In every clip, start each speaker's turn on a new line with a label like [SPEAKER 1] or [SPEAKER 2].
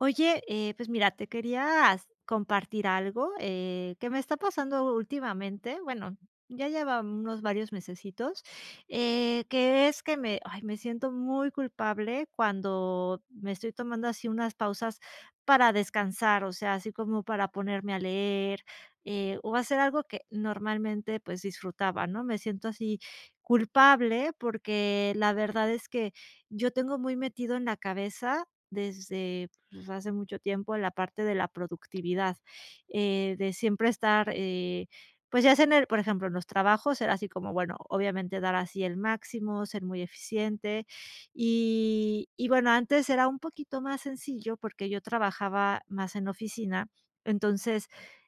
[SPEAKER 1] Oye, eh, pues mira, te quería s compartir algo, eh, que me está pasando últimamente, bueno, ya lleva, mm, unos varios mesesitos, eh, que es que me ay, me siento muy culpable cuando me estoy tomando así unas pausas para descansar, o sea, así como para ponerme a leer, eh, o hacer algo que normalmente, pues, disfrutaba, ¿no?, me siento así culpable, porque la verdad es que yo tengo muy metido en la cabeza desde, pues, hace mucho tiempo en la parte de la productividad, eh, de siempre estar, eh, pues, ya sea en el, por ejemplo, en los trabajos era así como bueno, obviamente dar así el máximo, ser muy eficiente, y y bueno, antes era un poquito más sencillo, porque yo trabajaba más en la oficina, entonces,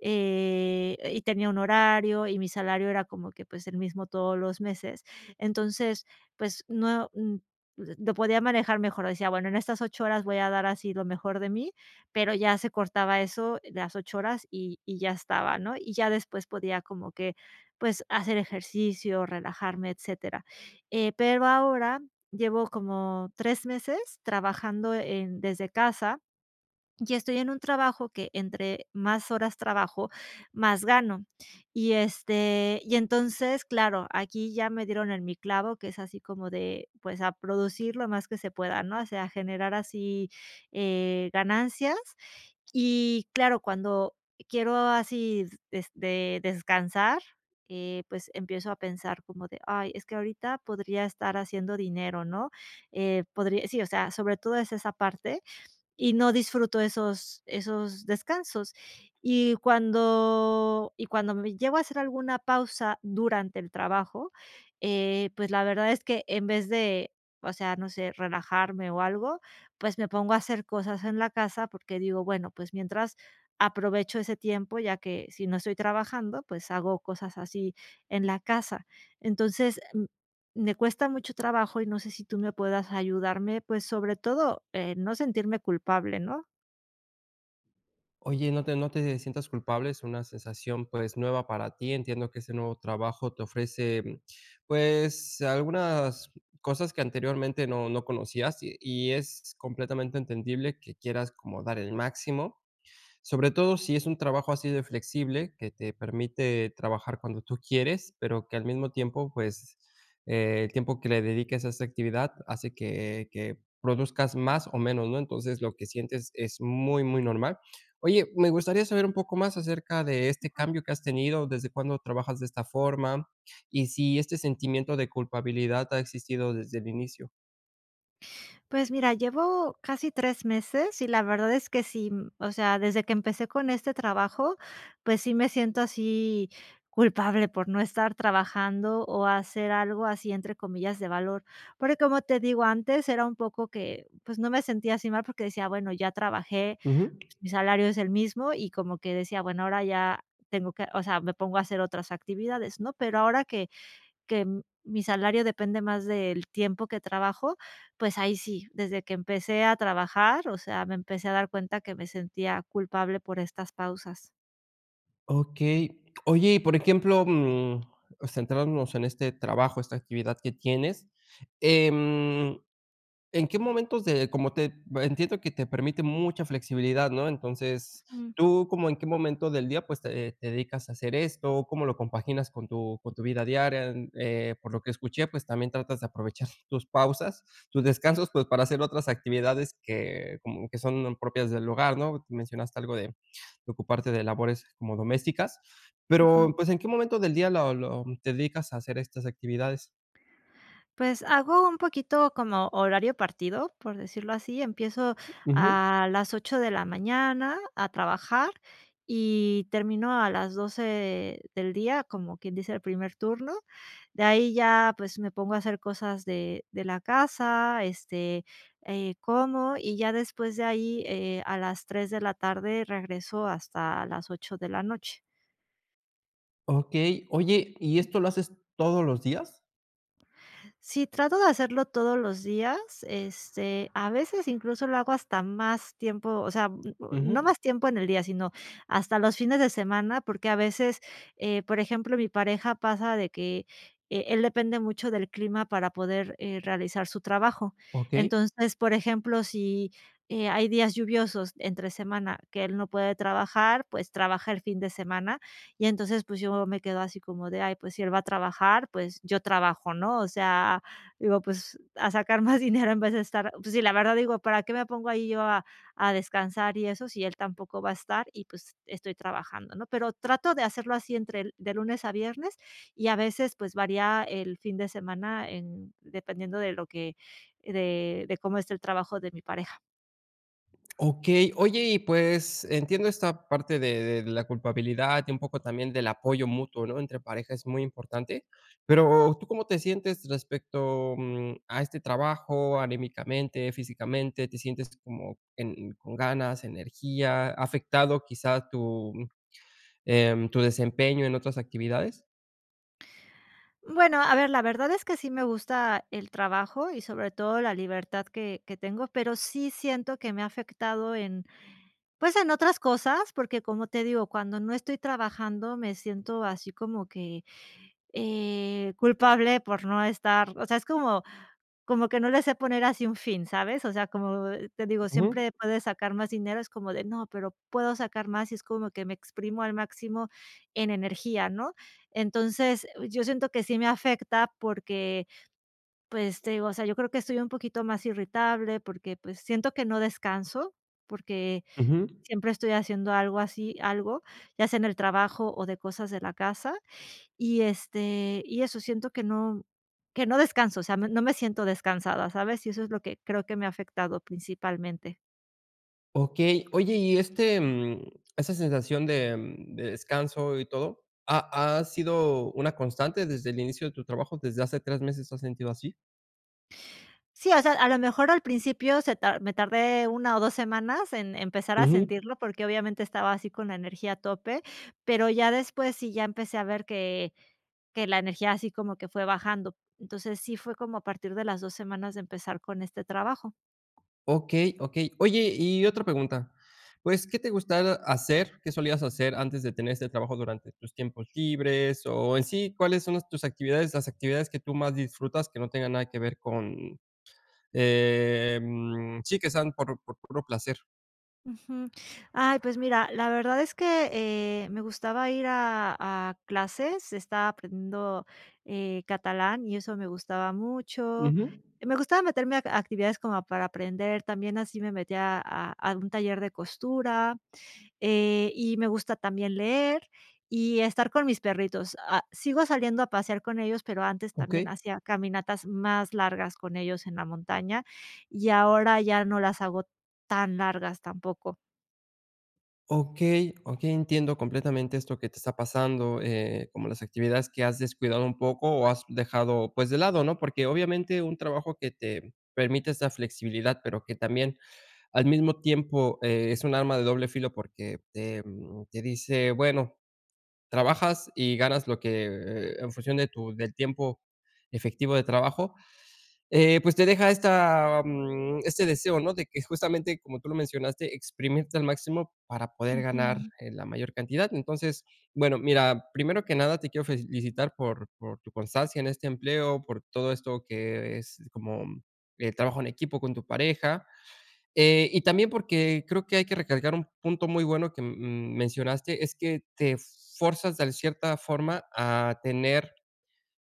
[SPEAKER 1] eh y tenía un horario, y mi salario era como que pues, el mismo todos los meses. Entonces pues no mm, pues lo podía manejar mejor, decía bueno, en estas 8 horas voy a dar así lo mejor de mí, pero ya se cortaba eso, las 8 horas, y y ya estaba, ¿no?, y ya después podía como que pues hacer ejercicio, relajarme, etcétera. Eh, pero ahora llevo como 3 meses trabajando en desde casa, y estoy en un trabajo que entre más horas trabajo, más gano, y este, y entonces claro, aquí ya me dieron en mi clavo, que es así como de pues, a producir lo más que se pueda, ¿no?, o sea, a generar así, eh, ganancias, y claro, cuando quiero así des descansar, eh, pues, empiezo a pensar como de: "Ay, es que ahorita podría estar haciendo dinero", ¿no?, eh, podría sí, o sea, sobre todo es esa parte, y no disfruto esos esos descansos, y cuando y cuando me llego a hacer alguna pausa durante el trabajo, eh, pues, la verdad es que en vez de, o sea, no sé, relajarme o algo, pues, me pongo a hacer cosas en la casa porque digo bueno, pues mientras aprovecho ese tiempo, ya que si no estoy trabajando, pues, hago cosas así en la casa, entonces me cuesta mucho trabajo y no sé, si tú me puedas ayudarme, pues, sobre todo en no sentirme culpable, ¿no?
[SPEAKER 2] Oye, no te no te, eh, sientas culpable. Es una sensación, pues, nueva para ti. Entiendo que ese nuevo trabajo te ofrece, mm, pues, algunas cosas que anteriormente no no conocías, y y es completamente entendible que quieras como dar el máximo, sobre todo si es un trabajo así de flexible que te permite trabajar cuando tú quieres, pero que al mismo tiempo, pues, el tiempo que le dediques a esta actividad hace que que produzcas más, o menos, ¿no? Entonces, lo que sientes es muy muy normal. Oye, me gustaría saber un poco más acerca de este
[SPEAKER 1] Ujú.
[SPEAKER 2] cambio que has tenido, ¿desde cuándo trabajas de esta forma? Y si, ¿este sentimiento de culpabilidad ha existido desde el inicio?
[SPEAKER 1] Pues mira, llevo casi 3 meses, y la verdad es que sí, mm, o sea, desde que empecé con este trabajo, pues sí, me siento así culpable por no estar trabajando, o hacer algo así, entre comillas "de valor". Porque, como te digo, antes era un poco que, pues, no me sentía así mal porque decía: "Bueno, ya trabajé,
[SPEAKER 2] Ujú.
[SPEAKER 1] pues mi salario es el mismo", y como que decía: "Bueno, ahora ya tengo que o sea, me pongo a hacer otras actividades", ¿no? Pero ahora que que mi salario depende más del tiempo que trabajo, pues, ahí sí, desde que empecé a trabajar, o sea, me empecé a dar cuenta que me sentía culpable por estas pausas.
[SPEAKER 2] Okey. Oye, y por ejemplo, mm, centrándonos en este trabajo, esta actividad que tienes, em, ¿en qué momentos de? como te entiendo que te permite mucha flexibilidad, ¿no? Entonces
[SPEAKER 1] Mm.
[SPEAKER 2] tú como, ¿en qué momento del día pues te te dedicas a hacer esto, cómo lo compaginas con tu con tu vida diaria? Eh, por lo que escuché, pues, también tratas de aprovechar tus pausas, tus descansos, pues para hacer otras actividades que como que son propias del hogar, ¿no? Mencionaste algo de de ocuparte de labores como domésticas.
[SPEAKER 1] Ujú.
[SPEAKER 2] Pero pues, ¿en qué momento del día lo lo te dedicas a hacer estas actividades?
[SPEAKER 1] Pues, hago un poquito como horario partido, por decirlo así. Empiezo
[SPEAKER 2] Ujú.
[SPEAKER 1] a las 8 de la mañana a trabajar y termino a las 12 del día, como quien dice, el primer turno. De ahí ya, pues, me pongo a hacer cosas de de la casa este, eh, como, y ya después de ahí, eh, a las 3 de la tarde regreso, hasta las 8 de la noche.
[SPEAKER 2] Okey. Oye, ¿y esto lo haces todos los días?
[SPEAKER 1] Sí, trato de hacerlo todos los días, este, a veces incluso lo hago hasta más tiempo, o sea, mm, no
[SPEAKER 2] Ujú.
[SPEAKER 1] más tiempo en el día, sino hasta los fines de semana, porque a veces, eh, por ejemplo, mi pareja pasa de que, eh, él depende mucho del clima para poder, eh, realizar su trabajo.
[SPEAKER 2] Okey.
[SPEAKER 1] Entonces, por ejemplo, si, eh, hay días lluviosos entre semana que él no puede trabajar, pues, trabaja el fin de semana, y entonces, pues, yo me quedo así como de: "Ay, pues si él va a trabajar, pues yo trabajo", ¿no? O sea, digo: "Pues, a sacar más dinero en vez de estar" pues sí, la verdad, digo: "¿Para qué me pongo ahí yo a a descansar y eso, si él tampoco va a estar?". Y pues, estoy trabajando, ¿no? Pero trato de hacerlo así entre de lunes a viernes y a veces, pues, varía el fin de semana en dependiendo de lo que de de cómo esté el trabajo de mi pareja.
[SPEAKER 2] Okey, oye, y pues, entiendo esta parte de de la culpabilidad y un poco también del apoyo mutuo, ¿no? Entre pareja es muy importante. Pero, ¿tú cómo te sientes respecto, mm, a este trabajo, anímicamente, físicamente, te sientes como en con ganas, energía, ha afectado quizá tu, em, tu desempeño en otras actividades?
[SPEAKER 1] Bueno, a ver, la verdad es que sí me gusta el trabajo y, sobre todo, la libertad que que tengo. Pero sí siento que me ha afectado en, pues, en otras cosas, porque, como te digo, cuando no estoy trabajando, me siento así como que, eh, culpable por no estar o sea, es como como que no le sé poner así un fin, ¿sabes? O sea, como te digo,
[SPEAKER 2] Ujú.
[SPEAKER 1] siempre puedes sacar más dinero, es como de: "No, pero puedo sacar más", y es como que me exprimo al máximo en energía, ¿no? Entonces, oh, yo siento que sí me afecta porque, pues, te digo, o sea, yo creo que estoy un poquito más irritable porque, pues, siento que no descanso porque
[SPEAKER 2] Ujú.
[SPEAKER 1] siempre estoy haciendo algo así algo, ya sea en el trabajo o de cosas de la casa, y, este, y eso siento que no, mm, que no descanso. O sea, no no me siento descansada, ¿sabes?, y eso es lo que creo que me ha afectado principalmente.
[SPEAKER 2] Okey. Oye, y, este, mm, esa sensación de de descanso y todo, ¿ha ha sido una constante desde el inicio de tu trabajo? ¿Desde hace 3 meses te has sentido así?
[SPEAKER 1] Sí, o sea, a lo mejor al principio se tar me tardé 1 o 2 semanas en empezar a
[SPEAKER 2] Ujú.
[SPEAKER 1] sentirlo porque, obviamente, estaba así con la energía a tope, pero ya después sí, ya empecé a ver que que la energía así como que fue bajando. Entonces sí, fue como a partir de las 2 semanas de empezar con este trabajo.
[SPEAKER 2] Okey okey. Oye, y otra pregunta, pues, ¿qué te gustaba hacer? ¿Qué solías hacer antes de tener este trabajo durante tus tiempos libres, o en sí, cuáles son las tus actividades las actividades que tú más disfrutas, que no tengan nada que ver con, em, sí que sean por por puro placer?
[SPEAKER 1] Ujú. Ay, pues mira, la verdad es que, eh, me gustaba ir a a clases. Estaba aprendiendo, eh, catalán y eso me gustaba mucho.
[SPEAKER 2] Ujú.
[SPEAKER 1] Me gustaba meterme a actividades como para aprender, también así me metía a a un taller de costura, eh, y me gusta también leer, y estar con mis perritos, ah, sigo saliendo a pasear con ellos, pero antes también
[SPEAKER 2] Okey.
[SPEAKER 1] hacía caminatas más largas con ellos en la montaña, y ahora ya no las hago tan largas tampoco.
[SPEAKER 2] Okey okey, entiendo completamente esto que te está pasando, eh, como las actividades que has descuidado un poco, o has dejado, pues, de lado, ¿no?, porque obviamente un trabajo que te permite esta flexibilidad, pero que también al mismo tiempo, eh, es un arma de doble filo porque te, mm, te dice bueno, trabajas y ganas lo que, eh eh, en función de tu del tiempo efectivo de trabajo, eh, pues, te deja esta, mm, este deseo, ¿no?, de que justamente como tú lo mencionaste, exprimirte al máximo para poder ganar,
[SPEAKER 1] Ujú.
[SPEAKER 2] eh, la mayor cantidad, entonces, bueno, mira, primero que nada te quiero felicitar por por tu constancia en este empleo por todo esto que es como, eh, trabajo en equipo con tu pareja, eh, y también porque creo que hay que recalcar un punto muy bueno que mm, mencionaste es que te fuerzas, de cierta forma a tener,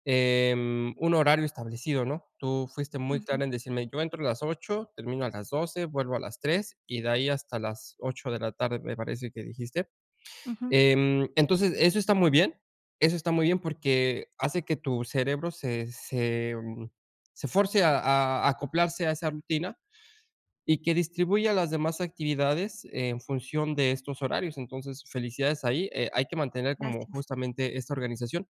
[SPEAKER 2] em, un horario establecido, ¿no?, tú fuiste muy
[SPEAKER 1] Ujú.
[SPEAKER 2] clara en decirme yo entro a las 8, termino a las 12, vuelvo a las 3, y de ahí hasta las 8, de la tarde, me parece que dijiste,
[SPEAKER 1] Ujú.
[SPEAKER 2] em, entonces, eso está muy bien eso está muy bien porque hace que tu cerebro se se se fuerce a a a acoplarse a esa rutina y que distribuya las demás actividades en función de estos horarios, entonces, felicidades ahí, eh, hay que mantener como
[SPEAKER 1] Gracias.
[SPEAKER 2] justamente esta organización,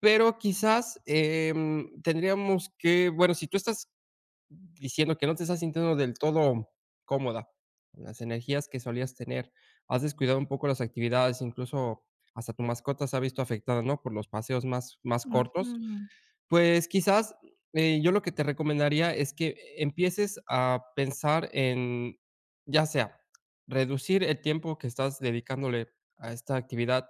[SPEAKER 2] pero quizás, em, tendríamos que bueno, si tú estás diciendo que no te estás sintiendo del todo cómoda con las energías que solías tener, has descuidado un poco las actividades, incluso hasta tu mascota se ha visto afectada, ¿no?, por los paseos más más cortos,
[SPEAKER 1] Ujú.
[SPEAKER 2] pues, quizás, eh, yo lo que te recomendaría es que e empieces a pensar en ya sea reducir el tiempo que estás dedicándole a esta actividad,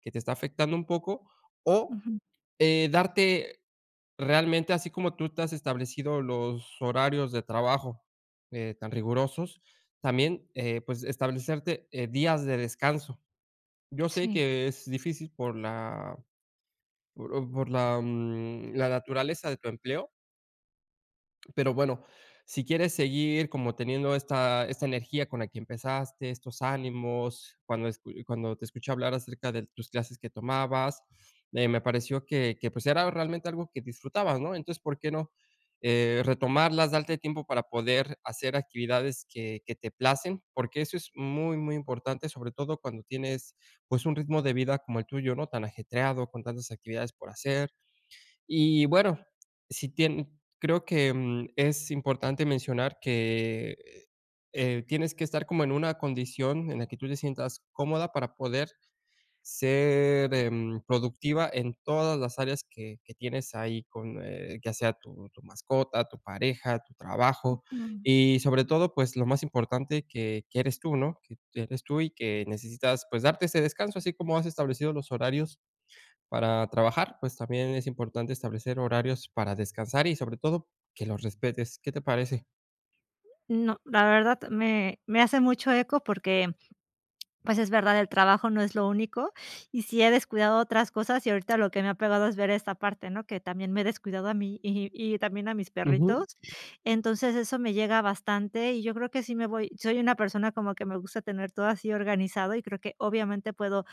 [SPEAKER 2] que te está afectando un poco, o,
[SPEAKER 1] Ujú.
[SPEAKER 2] eh, darte realmente así como tú te has establecido los horarios de trabajo, eh, tan rigurosos, también, eh, pues, establecerte, eh, días de descanso, yo sé
[SPEAKER 1] Sí.
[SPEAKER 2] que es difícil por la por por la, mm, la naturaleza de tu empleo. Pero bueno, si quieres seguir como teniendo esta esta energía con la que empezaste, estos ánimos cuando es cu cuando te escuché hablar acerca de tus clases que tomabas, eh, me pareció que que, pues, era realmente algo que disfrutabas, ¿no?, entonces por qué no, eh, retomarlas, darte tiempo para poder hacer actividades que que te placen, porque eso es muy muy importante, sobre todo cuando tienes, pues, un ritmo de vida como el tuyo, ¿no?, tan ajetreado con tantas actividades por hacer, y bueno, si tien creo que, em, es importante mencionar que, eh, tienes que estar como en una condición en la que tú te sientas cómoda para poder ser, em, productiva en todas las áreas que que tienes ahí, con, eh, ya sea tu tu mascota, tu pareja, tu trabajo,
[SPEAKER 1] Ujú.
[SPEAKER 2] y sobre todo, pues, lo más importante que que eres tú, ¿no?, que que eres tú y que necesitas, pues, darte ese descanso, así como has establecido los horarios para trabajar, pues, también es importante establecer horarios para descansar y sobre todo, que los respetes, ¿qué te parece?
[SPEAKER 1] No, la verdad me me hace mucho eco porque, pues, es verdad, el trabajo no es lo único y sí he descuidado otras cosas, y ahorita lo que me ha pegado es ver esta parte, ¿no?, que también me he descuidado a mí, y y también a mis
[SPEAKER 2] Ujú.
[SPEAKER 1] perritos, entonces eso me llega bastante, y yo creo que sí me voy soy una persona como que me gusta tener todo así organizado y creo que obviamente puedo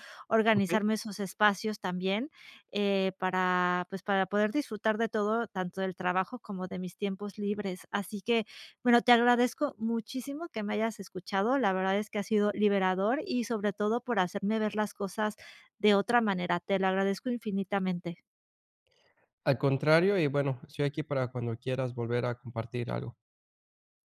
[SPEAKER 2] Okey.
[SPEAKER 1] organizarme esos espacios también, eh, para, pues, para poder disfrutar de todo, tanto del trabajo como de mis tiempos libres, así que bueno, te agradezco muchísimo que me hayas escuchado, la verdad es que ha sido liberador, y sobre todo por hacerme ver las cosas de otra manera, te lo agradezco infinitamente.
[SPEAKER 2] Al contrario, y bueno, estoy aquí para cuando quieras volver a compartir algo.